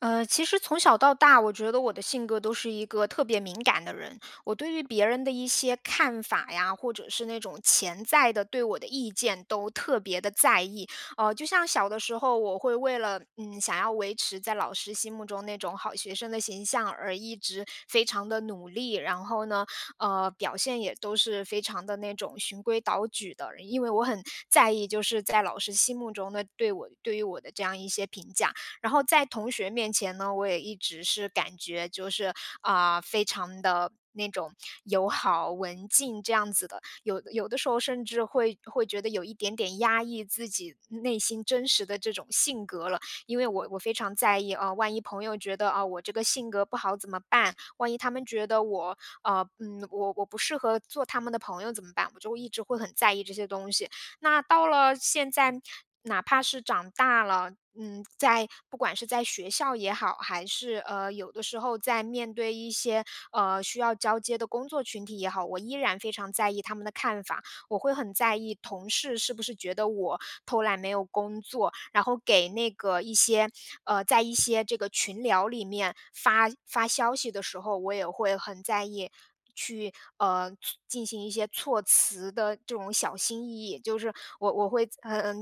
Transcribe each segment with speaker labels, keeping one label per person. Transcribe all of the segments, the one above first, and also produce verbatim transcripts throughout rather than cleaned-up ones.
Speaker 1: 呃，其实从小到大，我觉得我的性格都是一个特别敏感的人。我对于别人的一些看法呀，或者是那种潜在的、对我的意见都特别地在意。呃，就像小的时候，我会为了，嗯，想要维持在老师心目中那种好学生的形象，而一直非常地努力。然后呢，呃，表现也都是非常的那种循规蹈矩的。然因为我很在意，就是，在老师心目中的对我对于我的这样一些评价。然后在同学面前呢，我也一直是感觉就是，啊，非常的那种友好、文静这样子的。有有的时候，甚至会会觉得有一点点压抑自己内心真实的这种性格了。因为我我非常在意“啊，万一朋友觉得，哦，我这个性格不好怎么办？万一他们觉得我呃，嗯，我我不适合做他们的朋友怎么办？”我就一直会很在意这些东西。那到了现在哪怕是长大了，嗯，在不管是在学校也好，还是，呃，有的时候在面对一些，呃，需要交接的工作群体也好，我依然非常在意他们的看法。我会很在意同事是不是觉得我偷懒，没有工作。然后给那个一些呃，在一些这个群聊里面发发消息的时候，我也会很在意去呃，措进行一些措辞的这种小心翼翼。就是我我会在呃，呃，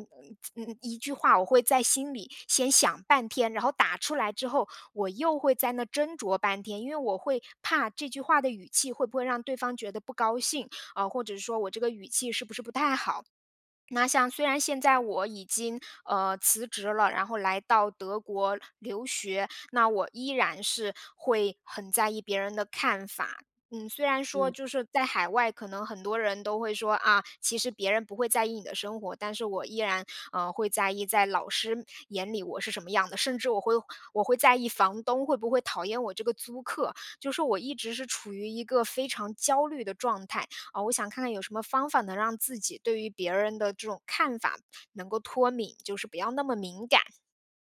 Speaker 1: 在呃，一句话我会在心里先想半天，然后打出来之后，我又会在那斟酌半天。因为我会怕这句话的语气会不会让对方觉得不高兴，呃，或者说我这个语气是不是不太好。那像虽然现在我已经，呃，辞职了，然后来到德国留学，那我依然是会很在意别人的看法。嗯，虽然说
Speaker 2: 嗯。
Speaker 1: 就是在海外，可能很多人都会说：“啊，其实别人不会在意你的生活。”但是我依然，呃，会在意在老师眼里我是什么样的，甚至我会我会在意房东会不会讨厌我这个租客。就说我一直是处于一个非常焦虑的状态，呃，我想看看有什么方法能让自己对于别人的这种看法，能够脱敏，就是不要那么敏感。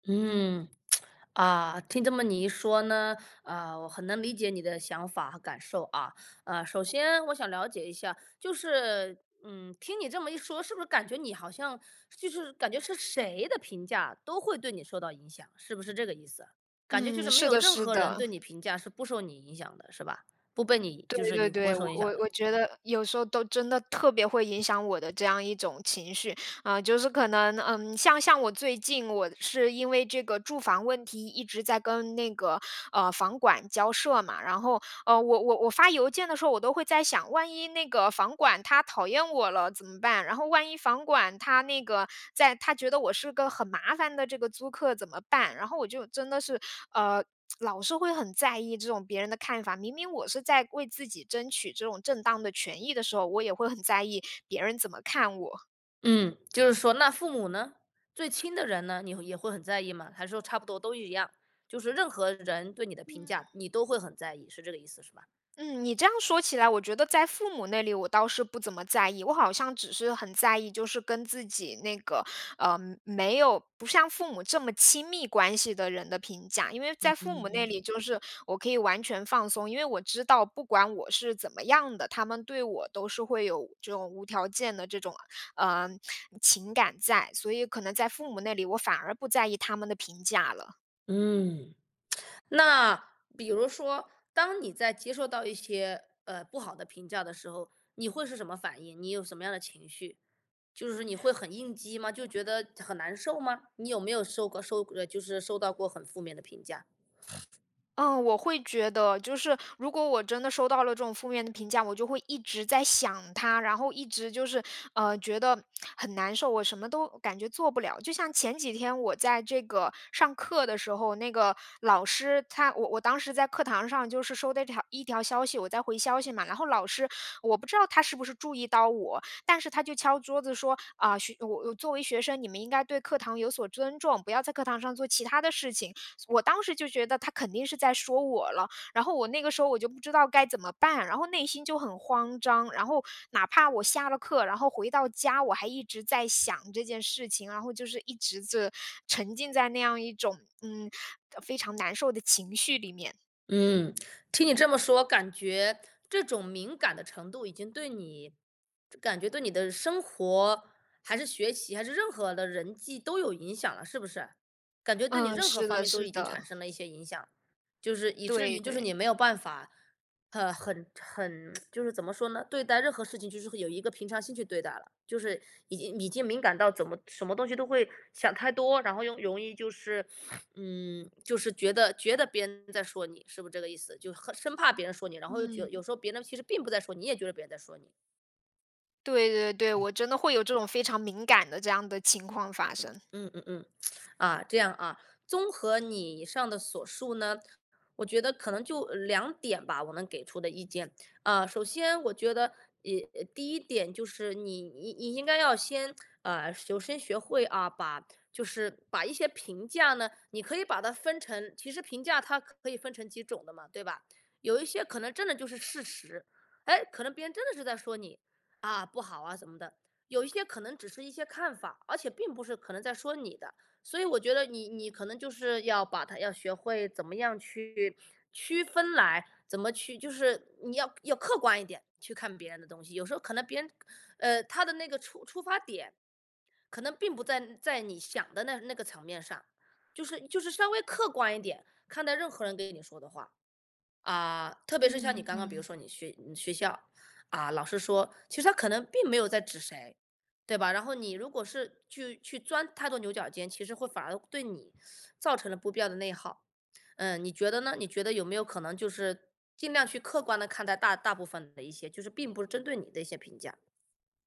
Speaker 2: 嗯，啊，听这么你一说呢，呃，我很能理解你的想法和感受啊。呃，首先我想了解一下，就是嗯，听你这么一说，是不是感觉你好像就是感觉是谁的评价，都会对你受到影响，是不是这个意思啊？感觉就
Speaker 1: 嗯，
Speaker 2: 是没
Speaker 1: 是
Speaker 2: 有
Speaker 1: 的
Speaker 2: 任
Speaker 1: 是
Speaker 2: 何人
Speaker 1: 的。
Speaker 2: 对你评价，是不受你影响的，是吧？不被你就
Speaker 1: 对
Speaker 2: 是
Speaker 1: 对
Speaker 2: 你不会
Speaker 1: 对，我
Speaker 2: 受影
Speaker 1: 我
Speaker 2: 响的。
Speaker 1: 我觉得有时候都真的特别会影响我的这样一种情绪。呃，就是可能，嗯，像像我最近，我是因为这个住房问题，一直在跟那个，呃，房管交涉嘛。然后，呃，我我我发邮件的时候，我都会在想，万一那个房管，他讨厌我了怎么办？然后万一房管他那个在他觉得我是个很麻烦的这个租客，怎么办？然后我就真的是呃，老是会很在意这种别人的看法，明明我是在为自己争取这种正当的权益的时候，我也会很在意，别人怎么看我。
Speaker 2: 嗯，就是说，那父母呢？最亲的人呢，你会也会很在意吗？还是说差不多都一样，就是任何人对你的评
Speaker 1: 嗯。
Speaker 2: 价，你都会很在意，是这个意思是吧？
Speaker 1: 嗯，你这样说起来，我觉得在父母那里，我倒是不怎么在意。我好像只是很在意就是跟自己那个呃，没有不像父母这么亲密关系的人的评价。因为在
Speaker 2: 嗯
Speaker 1: 父母
Speaker 2: 嗯
Speaker 1: 那
Speaker 2: 嗯。
Speaker 1: 里，就是我可以完全放松，因为我知道不管我是怎么样的，他们对我都是会有这种无条件的这种，呃，情感在，所以可能在父母那里，我反而不在意他们的评价了。
Speaker 2: 嗯。那比如说，当你在接受到一些，呃，不好的评价的时候，你会是什么反应？你有什么样的情绪？就是你会很应激吗，就觉得很难受吗？你有没有受过受呃，就是受到过很负面的评价？
Speaker 1: 嗯，我会觉得。就是如果我真的收到了这种负面的评价，我就会一直在想它，然后一直就是，呃，觉得 很难受，我什么都感觉做不了。就像前几天我在这个上课的时候，那个老师他我我当时在课堂上就是收到的一条一条消息，我在回消息嘛。然后老师我不知道他是不是注意到我，但是他就敲桌子说：“啊，学呃，我作为学生，你们应该对课堂有所尊重，不要在课堂上做其它的事情。“这我当时就觉得他肯定是在说我了。然后我那个时候我就不知道该怎么办，然后内心就很慌张。然后哪怕我下了课，然后回到家，我还一直在想这件事情。然后就是一直是沉浸在那样一种，嗯，呃，非常难受的情绪里面。
Speaker 2: 嗯。听你这么说，感觉这种敏感的程度已经对你感觉对你的生活，还是学习，还是任何的人际都有影响了，是不是？感觉对你
Speaker 1: 嗯，
Speaker 2: 任何
Speaker 1: 是
Speaker 2: 方
Speaker 1: 的
Speaker 2: 面都
Speaker 1: 是
Speaker 2: 已经产
Speaker 1: 的。
Speaker 2: 生了一些影响，就是以至于
Speaker 1: 对
Speaker 2: 就是你
Speaker 1: 对。
Speaker 2: 没有办法，呃，很很 就是怎么说呢，对待任何事情就是会有一个平常心去对待了。就是已经已经敏感到怎么什么东西都会想太多，然后又容易，就是，嗯，就是觉得觉得别人在说你，是不是这个意思？就很生怕别人说你，然后又觉得
Speaker 1: 嗯。
Speaker 2: 有时候别人其实并不在说你，你也觉得别人在说你。
Speaker 1: 对对对，
Speaker 2: 嗯。
Speaker 1: 我真的会有这种非常敏感的这样的情况发
Speaker 2: 嗯，
Speaker 1: 生。
Speaker 2: 嗯嗯嗯，啊，这样啊，综合你以上的所述呢，我觉得可能就两点吧，我能给出的意见。啊，首先，我觉得，呃，呃，第一点就是你你你应该要先呃，首先学会啊，把就是把一些评价呢，你可以把它分成其实评价它可以分成几种的嘛，对吧？有一些可能真的就是事实，诶，可能别人真的是在说你，啊，不好啊怎么的。有一些可能只是一些看法，而且并不是可能在说你的，所以我觉得你你可能就是要把它要学会怎么样去区分来，怎么去就是你要要客观一点，去看别人的东西。有时候可能别人的个呃，他的那个出出发点，可能并不在在你想的那那个层面上，就是就是稍微客观一点，看待任何人给你说的话。啊，特别是像你
Speaker 1: 嗯，
Speaker 2: 刚刚比如
Speaker 1: 嗯。
Speaker 2: 说你学你学校，啊，老师说，其实他可能并没有在指谁，对吧？然后你如果是去去钻太多牛角尖，其实会反而对你 造成了不必要的内耗。呃，你觉得呢？你觉得有没有可能就是，尽量去客观地看待大大部分的一些，就是并不是针对你的一些评价？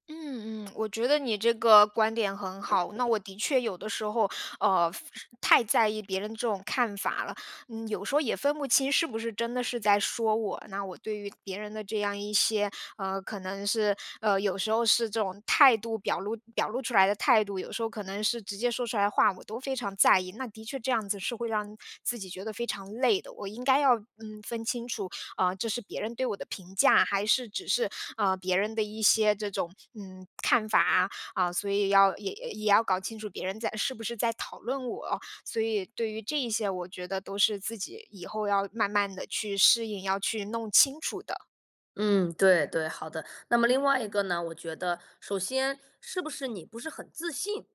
Speaker 1: 嗯嗯，我觉得你这个观点很好。那我的确有的时候，呃，非太在意别人这种看法了，嗯，有时候也分不清是不是真的是在说我。那我对于别人的这样一些呃，可能是呃，有时候是这种态度，表露表露出来的态度，有时候可能是直接说出来的话，我都非常在意。那的确这样子，是会让自己觉得非常累的，我应该要，嗯，分清楚，呃，这是别人对我的评价，还是只是，呃，别人的一些这种，嗯，看法啊。啊，所以要也也要搞清楚别人在是不是在讨论我，所以对于这一些，我觉得都是自己以后要慢慢地去适应，要去弄清楚的。
Speaker 2: 嗯，对对，好的。那么另外一个呢，我觉得，首先是不是你不是很自信？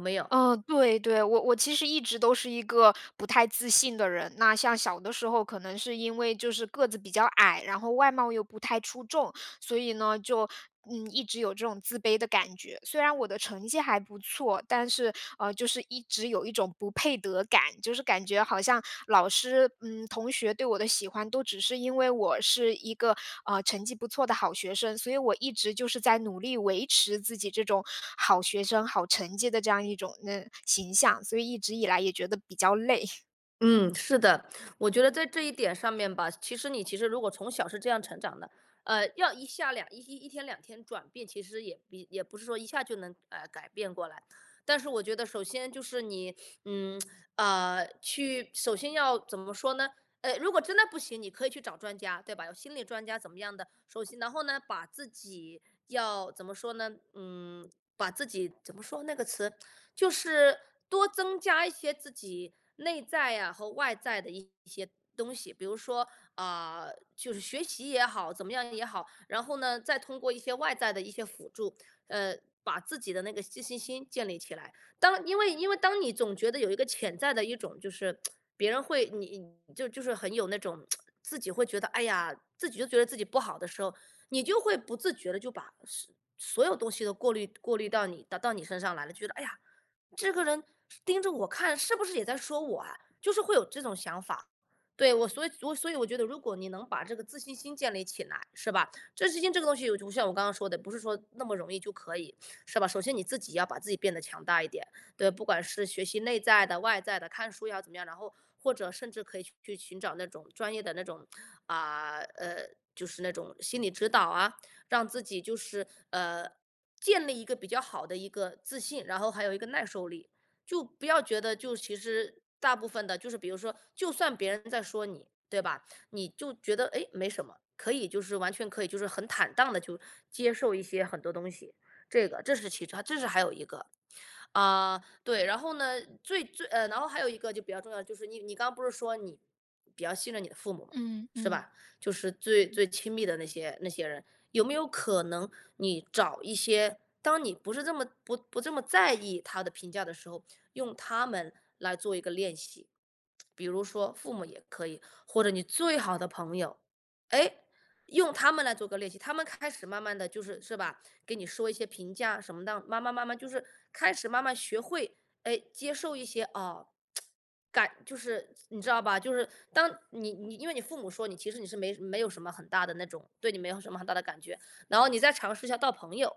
Speaker 2: 有没有？
Speaker 1: 嗯，对对，我我其实一直都是一个不太自信的人。那像小的时候，可能是因为就是个子比较矮，然后外貌又不太出众。所以呢，就，嗯，一直有这种自卑的感觉，虽然我的成绩还不错，但是，呃，就是一直有一种不配得感。就是感觉好像老师、嗯，同学对我的喜欢，都只是因为我是一个，呃，成绩不错的好学生，所以我一直就是在努力维持自己这种好学生、好成绩的这样一种那形象，所以一直以来也觉得比较累。
Speaker 2: 嗯，是的。我觉得在这一点上面吧，其实你其实如果从小是这样成长的，呃，要一下两一一一天两天转变，其实也也也不是说一下就能把它改变过来。但是我觉得首先就是你，嗯，啊，去首先要怎么说呢？呃，如果真的不行，你可以去找专家，对吧？有心理专家怎么样的，首先然后呢，把自己要怎么说呢？嗯，把自己怎么说那个词？就是多增加一些自己内在啊和外在的一些东西。比如说，呃，就是学习也好，怎么样也好，然后呢，再通过一些外在的一些辅助，呃，把自己的那个寄信心建立起来。当因为因为当你总觉得有一个潜在的一种就是，别人会你你就就是很有那种 自己会觉得，哎呀，自己都觉得自己不好的时候，你就会不自觉地就把所所有东西都过滤过滤到你到到你身上来了。就觉得：“哎呀，这个人盯着我看，是不是也在说我啊？”就是会有这种想法。对，我所以我所以我觉得如果你能把这个自信心建立起来，是吧？自信心这个东西我就我就像我刚刚说的，不是说那么容易就可以，是吧？首先你自己要把自己变得强大一点，对。不管是学习内在的、外在的，看书要怎么样。然后或者甚至可以去寻找那种专业的那种啊，呃，就是那种心理指导啊，让自己就是，呃，建立一个比较好的一个自信，然后还有一个耐受力。就不要觉得就其实大部分的就是比如说，就算别人在说你，对吧？你就觉得：“诶，没什么。”可以就是完全可以就是很坦荡地去接受一些很多东西，这个。这是其实这是还有一个，啊，对。然后呢，最最呃，然后还有一个就比较重要的，就是你你刚不是说你比较信任你的父母嘛，
Speaker 1: 嗯，
Speaker 2: 是
Speaker 1: 嗯。
Speaker 2: 吧？就是最
Speaker 1: 嗯。
Speaker 2: 最亲密的那些那些人，有没有可能你找一些当你不是这么不不这么在意他的评价的时候，用他们来做一个练习？比如说父母也可以，或者你最好的朋友，诶，用他们来做个练习。他们开始慢慢地就是是吧？给你说一些评价什么荡，慢慢慢慢就是开始慢慢学会，诶，接受一些，哦，感就是你知道吧，就是当你你因为你父母说你其实你是没什没有什么很大的那种对你没有什么很大的感觉。然后你再尝试一下到朋友，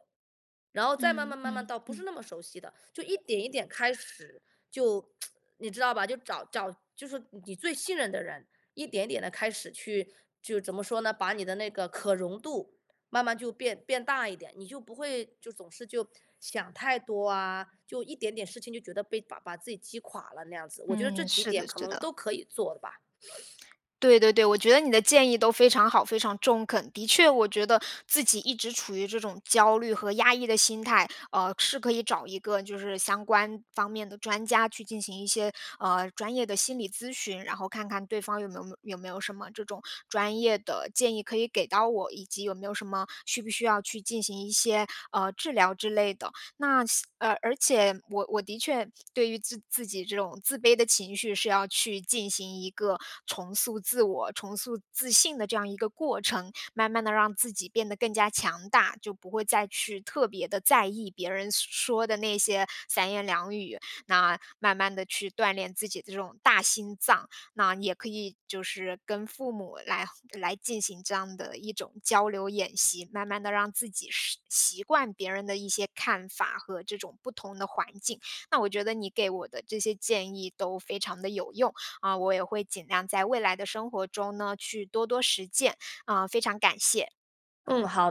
Speaker 2: 然后再慢
Speaker 1: 嗯，
Speaker 2: 慢慢慢
Speaker 1: 嗯，
Speaker 2: 到不是
Speaker 1: 嗯。
Speaker 2: 那么熟悉的。就一点一点开始，就 你知道吧？就找找就是说你最信任的人，一点一点地开始去就怎么说呢？把你的那个可容度慢慢就变变大一点，你就不会，就总是就想太多啊，就一点点事情就觉得被把把自己击垮了那样子，我觉得这
Speaker 1: 嗯，
Speaker 2: 几
Speaker 1: 是的
Speaker 2: 点可
Speaker 1: 是
Speaker 2: 能
Speaker 1: 的。
Speaker 2: 都可以做的吧。
Speaker 1: 对对对，我觉得你的建议都非常好、非常中肯。的确我觉得自己一直处于这种焦虑和压抑的心态，呃，是可以找一个就是相关方面的专家去进行一些，呃，专业的心理咨询。然后看看对方有没有没有没有什么这种专业的建议可以给到我，以及有没有什么需不需要去进行一些，呃，治疗之类的。那细而而且我我的确对于制自己这种自卑的情绪，是要去进行一个重塑自我、重塑自信的这样一个过程，慢慢地让自己变得更加强大，就不会再去特别地在意别人所说的那些三言两语。那慢慢地去锻炼自己的这种大心脏，那也可以就是跟父母来来进行这样的一种交流演习，慢慢地让自己适习惯别人的一些看法和这种不同的环境。那我觉得你给我的这些建议都非常地有用，啊，我也会尽量在未来的生活中呢，去多多实践。啊，非常感谢。
Speaker 2: 嗯，好。